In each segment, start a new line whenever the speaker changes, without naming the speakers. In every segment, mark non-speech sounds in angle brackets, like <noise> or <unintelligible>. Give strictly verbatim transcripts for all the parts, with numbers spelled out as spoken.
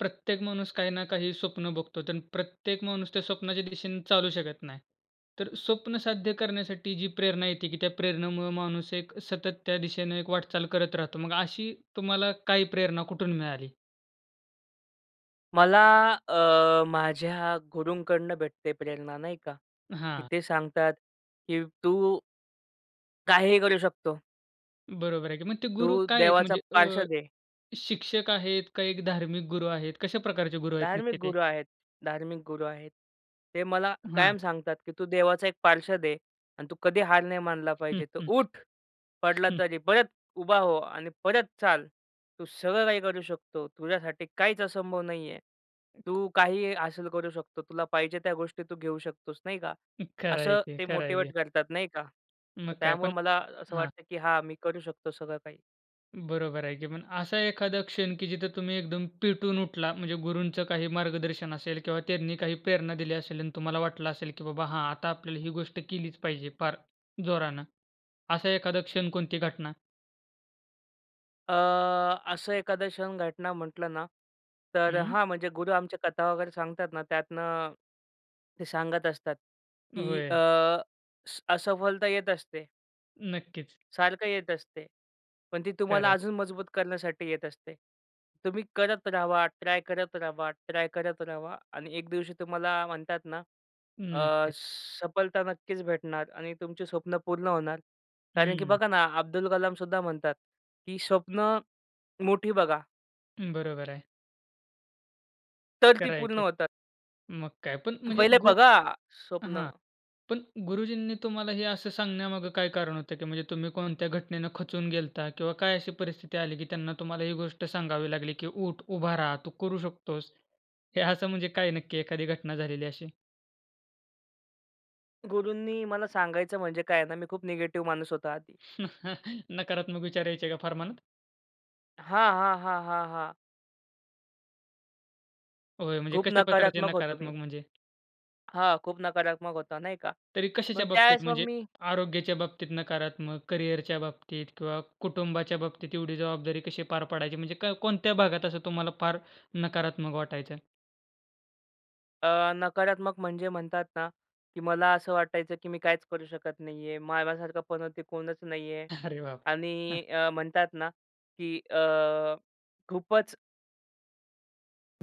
प्रत्येक माणूस काही ना काही स्वप्न बघतो. तर प्रत्येक माणूस त्या स्वप्नाच्या दिशेने चालू शकत नाही. तर स्वप्न साध्य करण्यासाठी जी प्रेरणा येते, की त्या प्रेरणेमुळं माणूस एक सतत त्या दिशेनं एक वाटचाल करत राहतो. मग अशी तुम्हाला काही प्रेरणा कुठून मिळाली?
मला अ, माझ्या गुरुंकडनं भेटते प्रेरणा नाही का? की
हां.
ते सांगतात की तू. काहीही करू शकतो.
बरोबर आहे की, मग ते गुरु
तू
काय आहेत?
देवाचा
म्हणजे अ,
पार्षद आहे.
शिक्षक आहेत? का एक धार्मिक गुरु आहेत? कशा प्रकारचे गुरु आहेत नक्की
धार्मिक
ते?
गुरु आहेत, धार्मिक गुरु आहेत. ते मला
हां.
कायम सांगतात, की तू देवाचा एक पार्षद आहे आणि तू कधी हार नाही मानला
हं,
पाहिजे. "तर
हं.
उठ, पडला
हं.
तरी परत उभा हो आणि परत चाल." तू सगळं काही करू शकतो. तुझ्यासाठी काहीच असंभव नाही आहे. तू काहीही हासिल करू शकतो. तुला पाहिजे त्या गोष्टी तू घेऊ शकतोस नाही का.
खरं आहे
असं
की,
ते
खरं आहे की.
मोटिवेट करतात नाही का.
मग
तर
काय पण
त्यामुळं मला अ, असं
हां.
वाटतं, की हां मी करू शकतो सगळं काही.
बरोबर आहे की, पण असा एखादा क्षण की जिथं तुम्ही एकदम पेटून उठला? म्हणजे गुरूंचं काही मार्गदर्शन असेल किंवा त्यांनी काही प्रेरणा दिली असेल आणि तुम्हाला वाटलं असेल की बाबा हां आता आपल्याला ही गोष्ट केलीच पाहिजे फार जोरानं. असा एखादा क्षण, कोणती घटना?
अ, असं एखादं क्षण, घटना म्हटलं ना, तर अ,
हं.
हां, म्हणजे गुरु आमचे कथा वगैरे सांगतात ना, त्यातनं ते सांगत असतात, की अ,
होय.
स असफलता येत असते
नक्कीच.
सारखं येत असते. पण ती तुम्हाला
खरंय.
अजून मजबूत करण्यासाठी येत असते. तुम्ही करत रहावा, ट्राय करत रहावा, ट्राय करत रहावा आणि एक दिवशी तुम्हाला म्हणतात ना अ,
नक्कीच.
सफलता नक्कीच भेटणार आणि तुमची स्वप्नं पूर्ण होणार. कारण की
हं.
बघा ना, अब्दुल कलाम सुद्धा म्हणतात की स्वप्नं मोठी बघा
बरोबर आहे.
तर ती
खर आहे
पूर्ण
की.
होतात.
मग काय. पण म्हणजे
पहिले
गु
बघा
हां.
स्वप्नं.
पण गुरुजींनी तुम्हाला हे असं सांगण्यामागे काय कारण होतं, की म्हणजे तुम्ही कोणत्या घटनेनं खचून गेलता किंवा काय अशी परिस्थिती आली, की त्यांना तुम्हाला ही गोष्ट सांगावी लागली की "उठ, उभा रहा, तू करू शकतोस." हे असं म्हणजे काय नक्की एखादी घटना झालेली अशी?
गुरूंनी मला सांगायचं म्हणजे काय आहे ना, मी खूप निगेटिव्ह माणूस होता आधी.
<chuckles> नकारात्मक विचार यायचे का फार मनात?
हां, हां, हां, हां, हां.
होय, म्हणजे
खूप
कशा प्रकारचे
नकारात्मक होतो मी.
नकारात्मक म्हणजे?
हां, खूप नकारात्मक होतं, नाही का.
तरी कशाच्या
मग
बाबतीत
त्यावेळेस मग
म्हणजे?
म
आरोग्याच्या बाबतीत नकारात्मक? करियरच्या बाबतीत किंवा कुटुंबाच्या बाबतीत एवढी जबाबदारी कशी पार पाडायची? म्हणजे क कोणत्या भागात असं तुम्हाला फार नकारात्मक वाटायचं?
अ, नकारात्मक म्हणजे म्हणतात ना, की मला असं वाटायचं, की मी काहीचं करू शकत नाही आहे माझ्यासारखं पनौती ते कोणचं नाही आहे
<chuckles> अरे, बाप रे. हां.
आणि अ, म्हणतात ना की अ, खूपचं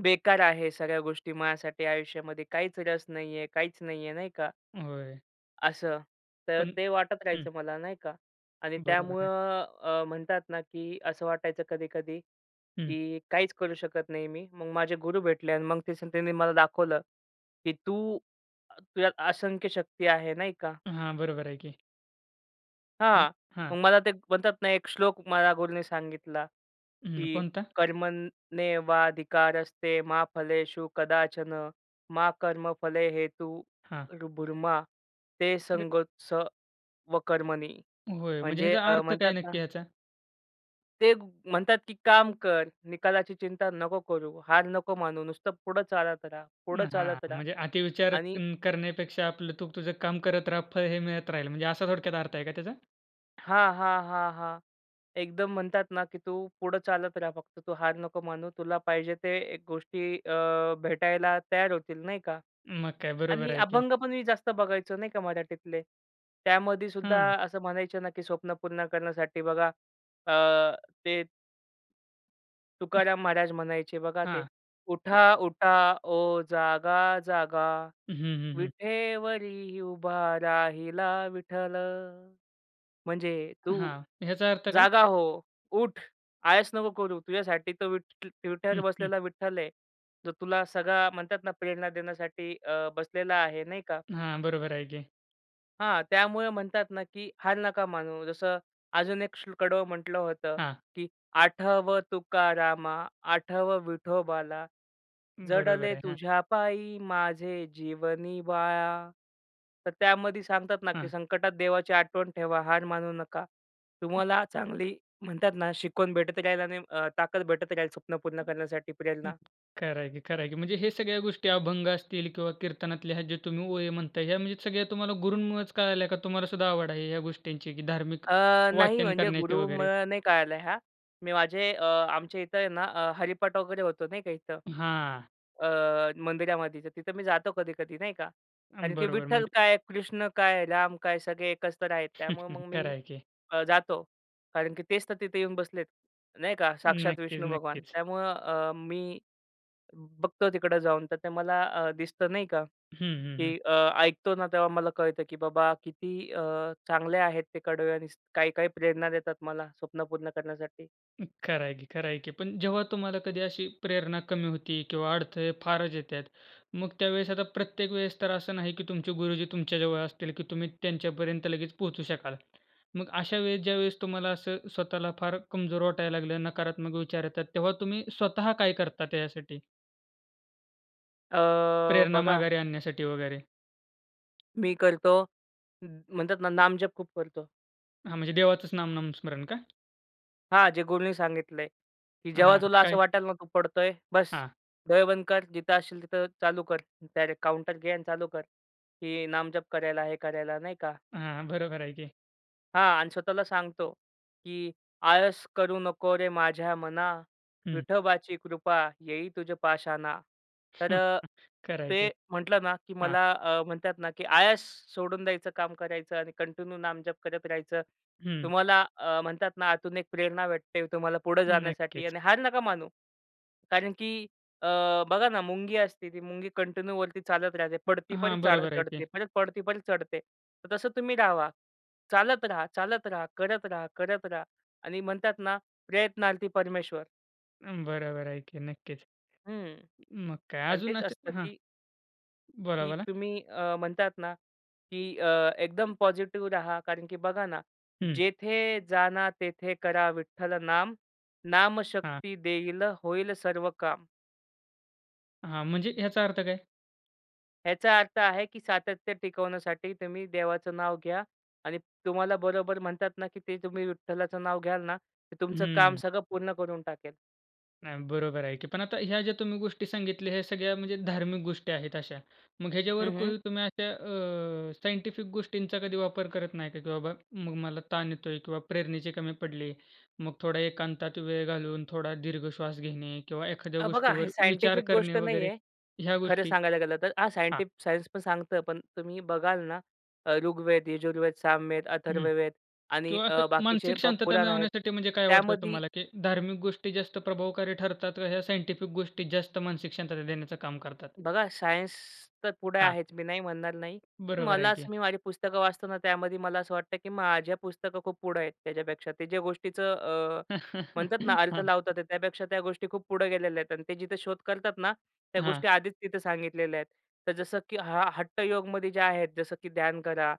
बेकार आहे सगळ्या गोष्टी माझ्यासाठी आयुष्यामध्ये काहीचं रस नाही आहे, काहीचं नाही आहे, नाही का.
होय.
असं. तर
पण
ते वाटत
हं.
राहायचं मला नाही का आणि
बरोबर आहे.
त्यामुळं अ, म्हणतात ना, की असं वाटायचं कधी-कधी
हं.
की काहीचं करू शकत नाही मी. मग माझे गुरु भेटले आणि मग त्याच त्यांनी मला दाखवलं, की "तू अ, तुझ्या असंख्य शक्ती आहे," नाही का.
हां, बरोबर आहे की. हं,
हां,
हां.
मग मला ते म्हणतात ना एक श्लोक मला गुरुने सांगितला,
हं,
की
कोणता?
"कर्मनेवाधिकारस्ते मा फलेषु कदाचन, मा कर्मफले हेतु
हां.
भुरमा ते
अरे
संगोत्स व कर्मणी."
होय, म्हणजे
म्हणजे
ह्याचा
अ,
अर्थ काय
म्हणतात ना
नक्की ह्याचा?
ते ब म्हणतात की काम कर निकालाची चिंता नको करू, हार नको मानू नुसतं पुढं चालत राहा, पुढं
हां.
चालत रहा
म्हणजे अति विचार
आणि
करण्यापेक्षा आपलं तू तुझं काम करत राहा. फळ हे मिळत राहील. म्हणजे असा थोडक्यात अर्थ आहे का त्याचा?
हां, हां, हां, हां. एकदम म्हणतात ना, की तू पुढं चालत रहा. फक्त तू हार नको मानू. तुला पाहिजे ते एक गोष्टी अ भेटायला तयार होतील नाही का?
मग काय बरोबर
आणि
आहे की?
अभंग पण मी जास्त बघायचो नाही का मराठीतले. त्यामध्ये सुद्धा
हं.
असं म्हणायचं ना, की स्वप्न पूर्ण करण्यासाठी बघा अ ते
हं.
तुकाराम महाराज म्हणायचे, बघा ते
हां.
उठा, उठा ओ जागा जागा
हं, हं, हं.
विठेवरी उभा राहिला विठ्ठल. म्हणजे तू
हां, ह्याचा अर्थ काय?
जागा हो, उठ, आळस नको करू. तुझ्यासाठी तर विटेवर
हं, हं.
बसलेला विठ्ठल आहे, जो तुला सगळा म्हणतात ना, प्रेरणा देण्यासाठी अ बसलेला आहे नाही का.
हां, बरोबर आहे की.
हां, त्यामुळं म्हणतात ना, की हार नका मानू. जसं अजून एक श्लोक म्हटलं होतं,
हां.
की "आठव तुकारामा आठवं विठोबाला
बरोबर
जडले
आहे, हां.
तुझ्या पायी माझे जीवनी बाळा." तर त्यामध्ये सांगतात ना, की
हं.
संकटात देवाची आठवण ठेवा. हार मानू नका. तुम्हाला चांगली म्हणतात ना, शिकवण भेटत राहील आणि अ ताकद भेटत राहील स्वप्न पूर्ण करण्यासाठी
हं,
प्रेरणा.
खरं आहे की खरं आहे की म्हणजे हे सगळ्या गोष्टी अभंग असतील किंवा कीर्तनातल्या ह्या जे तुम्ही ओळी म्हणताय, ह्या म्हणजे सगळ्या तुम्हाला गुरूंमुळेच कळल्या का? तुम्हाला सुद्धा आवड आहे ह्या गोष्टींची की धार्मिक
अ, नाही
वाचन
म्हणजे
करण्याचे
गुरु
वगैरे?
नाही, मग कळलं ह्या. मी माझे अ, आमच्या इथं आहे ना, अ, हरिपाठ वगैरे होतो नाही का इथं,
हां.
अ, मंदिरामध्ये. तर तिथं मी जातो कधी-कधी नाही का, कारण की
बरोबर
विठ्ठल
म्हणजे
काय कृष्ण काय राम काय सगळे एकच आहेत. त्यामुळं मग
<chuckles> खरं
मी
आहे की.
जातो, कारण की तेच तर तिथं येऊन बसलेत नाही का, साक्षात
नक्कीच,
विष्णू भगवान.
नक्कीच.
त्यामुळं अ मी बघतो तिकडं जाऊन तर ते मला अ, दिसतं नाही का,
हं, हं, हं.
की अ, ऐकतो ना तेव्हा मला कळतं की बाबा किती अ चांगले आहेत ते कडवे आणि काही-काही प्रेरणा देतात मला स्वप्न पूर्ण करण्यासाठी.
उम्म, खरं आहे की, खरं आहे की. पण जेव्हा तुम्हाला कधी अशी प्रेरणा कमी होती किंवा अडथळे फारच येतात, मग त्यावेळेस, आता प्रत्येक वेळेस तर असं नाही की तुमचे गुरुजी तुमच्याजवळ असतील, की तुम्ही त्यांच्यापर्यंत लगेच पोहोचू शकाल. मग अशा वेळेस, ज्यावेळेस तुम्हाला असं स्वतःला फार कमजोर वाटायला लागलं, नकारात्मक विचार येतात, तेव्हा तुम्ही स्वतः काय करता त्याच्यासाठी?
अ,
प्रेरणा
बघा.
माघारी आणण्यासाठी वगैरे.
मी करतो, उम्म, म्हणतात ना, नामजप खूप करतो.
हां, म्हणजे देवाचंच नाम, नाम स्मरण का?
हां, जे गुरूंनी सांगितलंय, की "जेव्हा
हां,
तुला असं
काय?
वाटायला, नको पडतोय, बस
हां.
डोळे बंद कर, जिथं असशील तिथं, चालू कर, डायरेक्ट काउंटर घे, आणि चालू कर, की नामजप करायला, हे करायला नाही का?
हां, बरोबर आहे की.
हां, आणि स्वतःला सांगतो, की "आळस करू नको रे माझ्या मना,
हं.
विठोबाची कृपा, येई तुझ्या पाशाणा." तर
<chuckles>
अ,
खरं आहे की,
ते म्हटलं ना, की
हां.
मला अ, म्हणतात ना, की आळस सोडून द्यायचं, काम करायचं आणि कंटिन्यू नामजप करत राहायचं.
हं.
तुम्हाला अ, म्हणतात ना, आतून एक प्रेरणा वाटते तुम्हाला पुढं जाण्यासाठी
नक्कीच.
आणि हार नका मानू, कारण की अ, बघा ना, मुंगी असते, ती मुंगी कंटिन्यू वरती चालत राहते. पडती, परत
हां,
चढ
बरोबर आहे
चढते,
की.
परत पडती, पर चढते. तर तसं तुम्ही राहावा, चालत राहा, चालत राहा, करत राहा, करत रहा आणि म्हणतात ना, प्रयत्नार्थी परमेश्वर.
अ, बरोबर आहे की नक्कीच.
हं.
मग काय
आणि
अजून
तेच
असे
असतं
हां,
की की
बोला-बोला.
तुम्ही अ, म्हणतात ना, की अ, एकदम पॉझिटिव्ह रहा कारण की बघा ना,
हं.
जेथे जाना तेथे करा विठ्ठल नाम, नाम
हां.
शक्ती देईल होईल सर्व काम.
हां, म्हणजे ह्याचा अर्थ काय?
ह्याचा अर्थ आहे, की सातत्य टिकवण्यासाठी तुम्ही देवाचं नाव घ्या. आणि तुम्हाला बरोबर म्हणतात ना, की ते तुम्ही विठ्ठलाचं नाव घ्याल ना, ते तुमचं काम
हं.
सगळं पूर्ण करून टाकेल.
नाही बरोबर आहे की. पण आता ह्या ज्या तुम्ही गोष्टी सांगितल्या, ह्या सगळ्या म्हणजे धार्मिक गोष्टी आहेत अशा. मग ह्याच्यावर
हं, हं.
तुम्ही अशा अ, सायंटिफिक गोष्टींचा कधी वापर करत नाही का? की बाबा मला ताण येतोय किंवा प्रेरणेचे कमी पडले, मग थोडा एकांतात वेळ घालवून, थोडा दीर्घ श्वास घेणे किंवा एखाद्या
अ, बघा हे
गोष्टीवर विचार
सायंटिफिक
करणे
गोष्ट
वगैरे,
नाहीये.
ह्या
खरं
गोष्टी?
सांगायला गेलं तर हां अ,
हां.
सायंटि सायन्स पण सांगतं पण तुम्ही बघाल ना ऋग्वेद, यजुर्वेद, सामवेद,
हं,
अथर्ववेद आणि
किंवा
अ,
असं
बाकीचे
मानसिक शांतता
पुराण आहेत.
मिळवण्यासाठी म्हणजे काय वाटतं
त्यामधी
तुम्हाला, की धार्मिक गोष्टी जास्त प्रभावकारी ठरतात का ह्या साइंटिफिक गोष्टी जास्त मानसिक शांतता देण्याचं काम करतात?
बघा सायन्स तर पुढे
हां.
आहेच मी नाही म्हणणार नाही.
बरोबर
मला
आहे
असं
की.
मी माझी पुस्तकं वाचतो ना, त्यामध्ये मला असं वाटतं, की माझ्या पुस्तकं खूप पुढं आहेत त्याच्यापेक्षा ते ज्या गोष्टीचं अ, म्हणतात ना
<laughs>
अर्थ
हां.
लावतात त्यापेक्षा त्या गोष्टी खूप पुढं गेलेल्या आहेत आणि ते जिथं शोध करतात ना, त्या
हां.
गोष्टी आधीच तिथं सांगितलेल्या आहेत. तर जसं की हा हट्टयोगमध्ये जे आहेत जसं की ध्यान करा.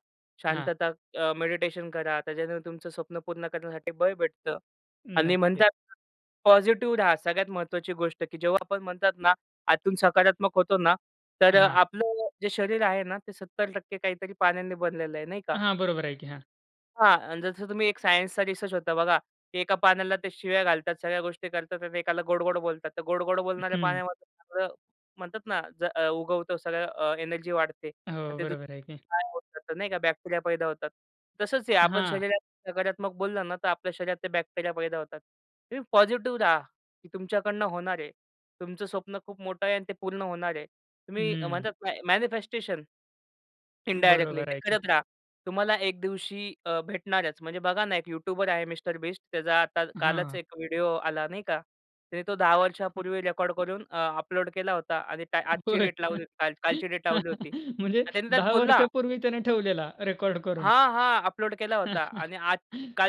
हां.
शांतता, अ, मेडिटेशन करा त्याच्याने तुमचं स्वप्न पूर्ण करण्यासाठी बळ भेटतं. आणि
नक्कीच.
म्हणतात ना पॉझिटिव्ह रहा. सगळ्यात महत्वाची गोष्ट की जेव्हा आपण म्हणतात ना, आतून सकारात्मक होतो ना, तर
हां.
आपलं जे शरीर आहे ना ते सत्तर टक्के काहीतरी पाण्याने बनलेलं आहे, नाही का?
हां, बरोबर आहे की. हां.
हां. आणि जसं तुम्ही एक सायन्सचा रिसर्च होता बघा, की एका पाण्याला ते शिव्या घालतात, सगळ्या गोष्टी करतात आणि एकाला गोड-गोड बोलतात. तर गोड-गोड बोलणाऱ्या
हं.
पाण्यामध्ये सगळं म्हणतात ना, ज अ, उगवतो सगळं अ, एनर्जी वाढते.
हो,
आणि ते
बरोबर आहे की.
<unintelligible> नाही का बॅक्टेरिया पैदा होतात. तसंच आहे, आपण
हां.
शरीरात नकारात्मक बोललं ना, तर आपल्या शरीरात ते बॅक्टेरिया पैदा होतात. तुम्ही पॉझिटिव्ह राहा, की तुमच्याकडनं होणार आहे. तुमचं स्वप्न खूप मोठं आहे आणि ते पूर्ण होणार आहे. तुम्ही अ,
हम्म.
म्हणतात ना ए मॅनिफेस्टेशन ...इंडायरेक्टली
बरोबर
ते
आहे की.
करत राहा. तुम्हाला एक दिवशी अ, भेटणारच. म्हणजे बघा ना एक यूट्यूबर आहे मिस्टर बीस्ट, त्याचा आता कालच
हां.
एक व्हिडिओ आला, नाही का? त्याने तो दहा
हं.
वर्षांपूर्वी रेकॉर्ड करून अ, अपलोड केला होता आणि त्या आजची
होय.
डेट लावली, काल कालची डेट लावली
<chuckles>
होती.
म्हणजे
आणि त्याने त्यात
दहा
बोलला
वर्षापूर्वी त्याने ठेवलेला रेकॉर्ड करून.
हां, हां. अपलोड केला होता
<chuckles>
आणि आज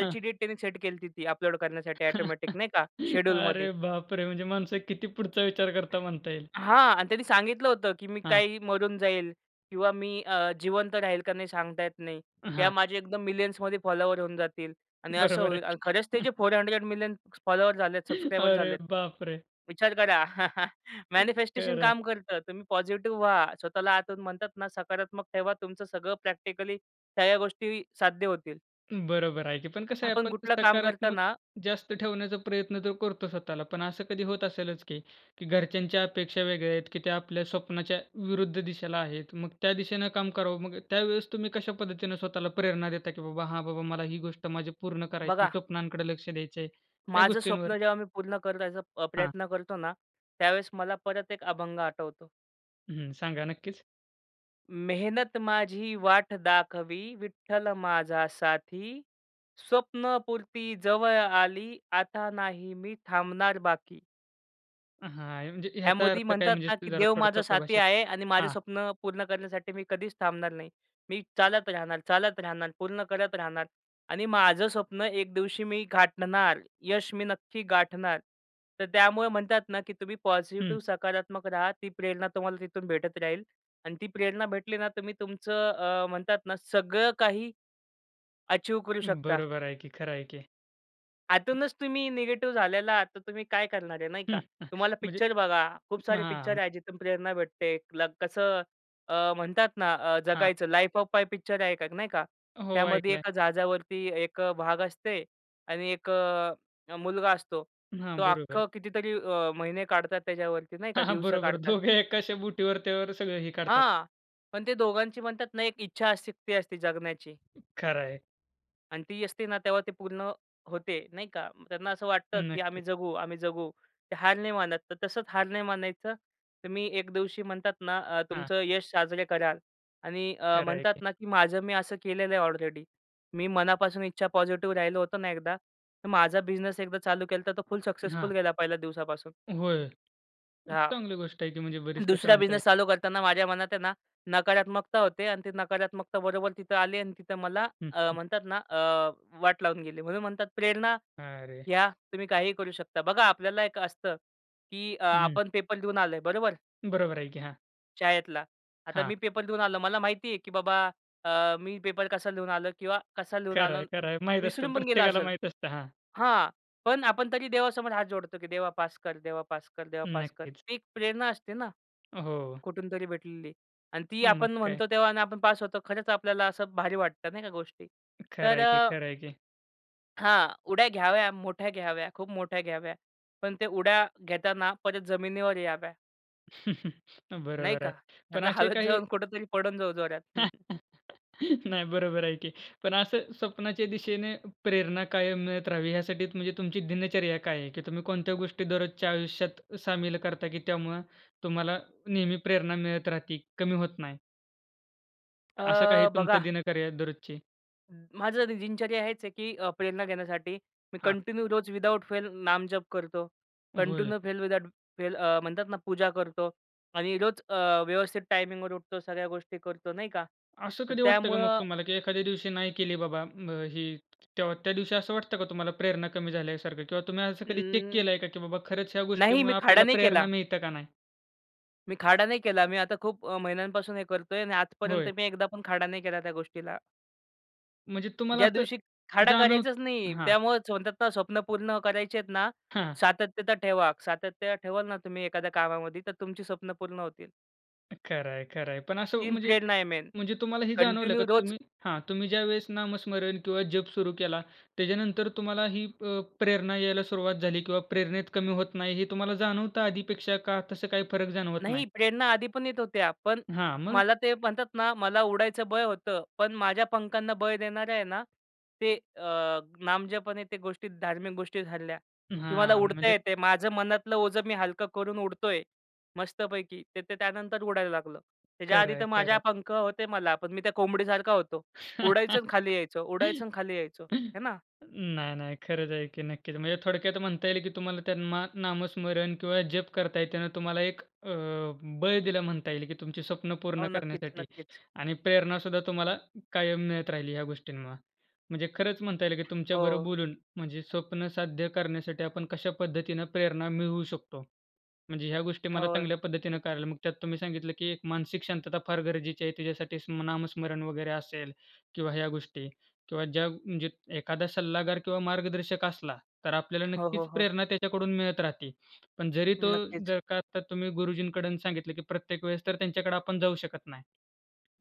हां.
डेट त्यांनी सेट केलती. ती अपलोड करण्यासाठी ऑटोमॅटिक
<chuckles>
नाही का शेड्यूलमध्ये.
अरे बापरे! म्हणजे माणसं किती पुढचा विचार करता म्हणता येईल.
हां आणि त्यांनी सांगितलं होतं, की मी
हां.
काही मरून जाईल किंवा मी अ, जिवंत राहील का नाही सांगता येत नाही.
अ
त्या
हां.
माझ्या एकदम मिलियन्समध्ये फॉलोवर होऊन जातील आणि असं
बरोबर आहे
होईल. आणि
की.
खरंच ते
<chuckles>
जे फोर हंड्रेड मिलियन फॉलोवर झालेत,
<inhales>
सब्सक्राइबर
अरे
झालेत.
बापरे!
विचार करा <chuckles>
एक
मॅनिफेस्टेशन
खरं आहे.
काम करतं. तुम्ही पॉझिटिव्ह व्हा. स्वतःला आतून म्हणतात ना, सकारात्मक ठेवा, तुमचं सगळं प्रॅक्टिकली सगळ्या गोष्टी साध्य होतील.
बरोबर आहे की. पण कसं आहे
आपण
आपण
कुठलं काम
सकारात्मक
करताना
जास्त ठेवण्याचा प्रयत्न तर करतो स्वतःला, पण असं कधी होत असेलच की की घरच्यांच्या अपेक्षा वेगळ्या आहेत की त्या आपल्या स्वप्नाच्या विरुद्ध दिशेला आहेत. मग त्या दिशेनं काम करावं. मग त्यावेळेस तुम्ही कशा पद्धतीनं स्वतःला प्रेरणा देता की "बाबा, हां बाबा, मला ही गोष्ट माझी पूर्ण करायची,
बघा
स्वप्नांकडं लक्ष द्यायचं आहे," या
माझं
गोष्टींवर
स्वप्न जेव्हा मी पूर्ण करायचा अ,
हां.
प्रयत्न करतो ना त्यावेळेस मला परत एक अभंग आठवतो.
हं. सांगा नक्कीच.
मेहनत माझी वाट दाखवी, विठ्ठल माझा साथी, स्वप्नपूर्ती जवळ आली, आता नाही मी थांबणार बाकी.
अ, हां म्हणजे ह्याचा
ह्यामध्ये
अर्थ काय
म्हणतात
म्हणजे
ना
सो
की
जरा
देव
थोडं
माझा
सोप्या
साथी
भाषेत?
आहे आणि माझं
हां.
स्वप्न पूर्ण करण्यासाठी मी कधीच थांबणार नाही. मी चालत राहणार, चालत राहणार, पूर्ण करत राहणार आणि माझं स्वप्न एक दिवशी मी गाठणार. यश मी नक्की गाठणार. तर त्यामुळं म्हणतात ना की तुम्ही
हं.
पॉझिटिव्ह सकारात्मक राहा. ती प्रेरणा तुम्हाला तिथून भेटत राहील आणि ती प्रेरणा भेटली ना तुम्ही तुमचं अ, म्हणतात ना सगळं काही अचीव्ह करू शकता.
बरोबर आहे की. खरं आहे की.
आतूनच तुम्ही निगेटिव्ह झालेला आहात. तर तुम्ही काय करणार आहे नाही का.
हं, हं,
तुम्हाला
म्हणजे
पिक्चर बघा, खूप सारे पिक्चर
हां.
आहे. जिथून प्रेरणा भेटते. <unintelligible> कसं अ, म्हणतात ना, अ,
हां.
जगायचं लाईफ ऑफ पाय पिक्चर आहे एक नाही का.
हो,
त्यामध्ये
ऐकलंय.
एका जहाजावरती एक भाग असते आणि एक मुलगा असतो.
हां,
तो
बरोबर.
अख्खं कितीतरी अ, महिने काढतात त्याच्यावरती नाही का.
हां, हां,
दिवसं
बरोबर,
काढतात.
दोघे एकाच्या बोटीवर त्यावर सगळं हे काढतात.
हां, पण ते दोघांची म्हणतात ना, एक इच्छाशक्ती असते जगण्याची.
खरं आहे.
आणि ती असते ना, तेव्हा ते पूर्ण होते नाही का. त्यांना असं वाटतं, की
नक्कीच.
आम्ही जगू, आम्ही जगू. ते हार नाही मानत. तर तसंच हार नाही मानायचं. तर मी एक दिवशी म्हणतात ना, अ,
हां.
तुमचं यश साजरे कराल आणि अ,
खरं आहे
म्हणतात
की.
ना, की माझं मी असं केलेलं आहे ऑलरेडी. मी मनापासून इच्छा पॉझिटिव्ह राहिलो होतो ना एकदा. तर माझा बिझनेस एकदा चालू केला. तर तो फुल सक्सेसफुल
हां.
गेला पहिल्या दिवसापासून.
होय, मग
हां.
चांगली गोष्ट आहे की म्हणजे बरीच तसं
दुसरा
म्हणता
बिझनेस
येईल.
चालू करताना माझ्या मनात आहे ना, नकारात्मकता होते आणि ते नकारात्मकता बरोबर तिथं आले आणि तिथं मला
हं,
अ,
हं.
म्हणतात ना अ, वाट लावून गेली. म्हणून म्हणतात प्रेरणा
अरे.
घ्या तुम्ही काहीही करू शकता. बघा आपल्याला एक असतं, की अ,
हं.
आपण पेपर देऊन आलोय. बरोबर?
बरोबर आहे की हां.
शाळेतला. आता
हां.
मी पेपर देऊन आलो. मला माहिती आहे की बाबा, अ, मी पेपर कसा लिहून आलो किंवा कसा लिहून आलो
खरंय,
वि
खरंय, माहीत असतं.
विसरून पण गेलं
प्रत्येकाला
असेल
माहीत असतं. हां.
हां. पण आपण तरी देवासमोर हात जोडतो, की 'देवा पास कर, देवा पास कर, देवा पास कर.'
नक्कीच.
ती एक प्रेरणा असते ना,
अ, हो.
कुठून तरी भेटलेली. आणि ती
मग
आपण
काय.
म्हणतो तेव्हा आणि आपण पास होतो खरंच आपल्याला असं भारी वाटतं नाही का गोष्टी. तर
खरंय की
अ
खरंय की.
हां. उड्या घ्याव्या, मोठ्या घ्याव्या, खूप मोठ्या घ्याव्या. पण ते उड्या घेताना परत जमिनीवर याव्या.
<chuckles>
नाही
बरोबर
का?
आहे.
नाही
पण
तर
असे
हवेत
काही
जाऊन कुठेतरी पडून जाऊ जोरात.
<chuckles> नाही बरोबर आहे की. पण असं स्वप्नाच्या दिशेने प्रेरणा कायम मिळत राहावी यासाठीच म्हणजे तुमची दिनचर्या काय आहे, की तुम्ही कोणत्या गोष्टी दररोजच्या आयुष्यात सामील करता की त्यामुळं तुम्हाला नेहमी प्रेरणा मिळत राहते, कमी होत नाही? असं काही
अ,
तुमचं
बघा
दिनकर्या दररोजची?
माझं दिनचर्या हेच आहे की अ, प्रेरणा घेण्यासाठी, मी
हां.
कंटिन्यू रोज विदाऊट फेल नामजप करतो.
होय.
कंटिन्यू फेल विदाऊट फेल अ, म्हणतात ना पूजा करतो आणि रोज अ, व्यवस्थित टायमिंगवर उठतो, सगळ्या गोष्टी करतो नाही का.
असं
तर
कधी वाटतं का मग
त्यामुळं
तुम्हाला, की एखाद्या दिवशी नाही केली बाबा, म ही तेव्हा त्या दिवशी असं वाटतं का, तुम्हाला प्रेरणा कमी झाल्यासारखं किंवा तुम्ही असं कधी चेक
अं.
केलंय का, की बाबा खरंच ह्या
नाही, मी
गोष्टीमुळे
खाडा
आपल्याला
नाही
प्रेरणा
केला.
मिळतं का नाही?
मी खाडा नाही केला मी आता खूप अ, महिन्यांपासून हे करतो आहे आणि आजपर्यंत
होय.
मी एकदा पण खाडा नाही केला त्या गोष्टीला.
म्हणजे तुम्हाला
ज्या
असं,
दिवशी खाडा
जाणव
करायचाच नाही.
हां.
त्यामुळंच स्वत:चं स्वप्न पूर्ण करायचे आहेत ना,
हां.
सातत्यता ठेवा. सातत्य ठेवाल ना तुम्ही एखाद्या कामामध्ये तर तुमची स्वप्नं पूर्ण होतील.
खरं आहे, खरं आहे. पण असं
तीन
म्हणजे
प्रेरणा आहे मेन,
म्हणजे तुम्हाला हे जाणवलं का
कंटिन्यू रोज
तुम्ही हां, तुम्ही ज्यावेळेस नामस्मरण किंवा जप सुरू केला, त्याच्यानंतर तुम्हाला ही अ, प्रेरणा यायला सुरुवात झाली किंवा प्रेरणेत कमी होत नाही हे तुम्हाला जाणवतं आधीपेक्षा का तसं काही फरक जाणवत नाही?
नाही, प्रेरणा आधी पण येत होत्या. पण
हां. मग?
मला ते म्हणतात ना, मला उडायचं बळ होतं. पण माझ्या पंखांना बळ देणाऱ्या आहे ना, ते अ, नामजपाने त्या गोष्टी धार्मिक गोष्टी झाल्या, की मला
हां.
उडता
म्हणजे
येते आहे. माझं मनातलं ओझं मी हलकं करून उडतो आहे मस्तपैकी. ते ते त्यानंतर उडायला लागलं. त्याच्याआधी तर
खरंय,
माझ्या
खरंय.
पंख होते मला. पण मी त्या कोंबडीसारखा होतो. उडायचं आणि खाली यायचो उडायचं आणि
<chuckles>
खाली यायचो, हे ना?
नाही, नाही. खरच आहे, की नक्कीच. म्हणजे थोडक्यात म्हणता येईल, की तुम्हाला त्यांना नामस्मरण किंवा जप करत आहेत, तेव्हा तुम्हाला एक अ, बळ दिलं म्हणता येईल. की तुमची स्वप्नं
हो.
पूर्ण
नक्कीच,
करण्यासाठी
नक्कीच.
आणि प्रेरणासुद्धा तुम्हाला कायम मिळत राहिली या गोष्टींमुळे. म्हणजे खरच म्हणता येईल, की तुमच्याबरोबर
हो.
बोलून म्हणजे स्वप्न साध्य करण्यासाठी आपण कशा पद्धतीनं प्रेरणा मिळवू शकतो. म्हणजे ह्या गोष्टी मला
हो.
चांगल्या पद्धतीनं
तेच.
करायला. मग त्यात तुम्ही सांगितलं, की एक मानसिक शांतता फार गरजेची आहे तिच्यासाठी स्म नामस्मरण वगैरे असेल किंवा ह्या गोष्टी किंवा ज्या म्हणजे एखादा सल्लागार किंवा मार्गदर्शक असला, तर आपल्याला
हो,
नक्कीच
हो, हो.
प्रेरणा त्याच्याकडून मिळत राहती. पण जरी तो
नक्कीच.
जर का आत्ता तुम्ही गुरुजींकडून सांगितलं, की प्रत्येक वेळेस तर त्यांच्याकडे आपण जाऊ शकत नाही.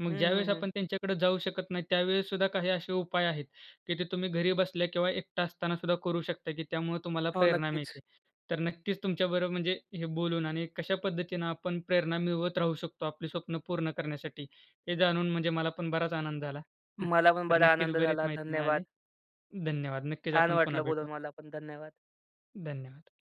मग
हं,
ज्यावेळेस
हं, हं.
आपण त्यांच्याकडं जाऊ शकत नाही. त्यावेळेस सुद्धा काही असे उपाय आहेत, की ते तुम्ही घरी बसल्या किंवा एकटा असताना सुद्धा करू शकता, की त्यामुळं तुम्हाला
हो.
प्रेरणा
नक्कीच.
मिळते. तर नक्कीच तुमच्याबरोबर म्हणजे हे बोलून आणि कशा पद्धतीनं आपण प्रेरणा मिळवत राहू शकतो आपली स्वप्नं पूर्ण करण्यासाठी हे जाणून म्हणजे मला पण बराच आनंद झाला. <chuckles>
मला पण
तर
बरा
नक्कीच
आनंद
बरीच
झाला,
माहिती
धन्यवाद.
मिळाली. धन्यवाद, नक्कीच
छान
आपण पुन्हा
वाटलं
भेटू.
बोलून मला पण. धन्यवाद.
धन्यवाद.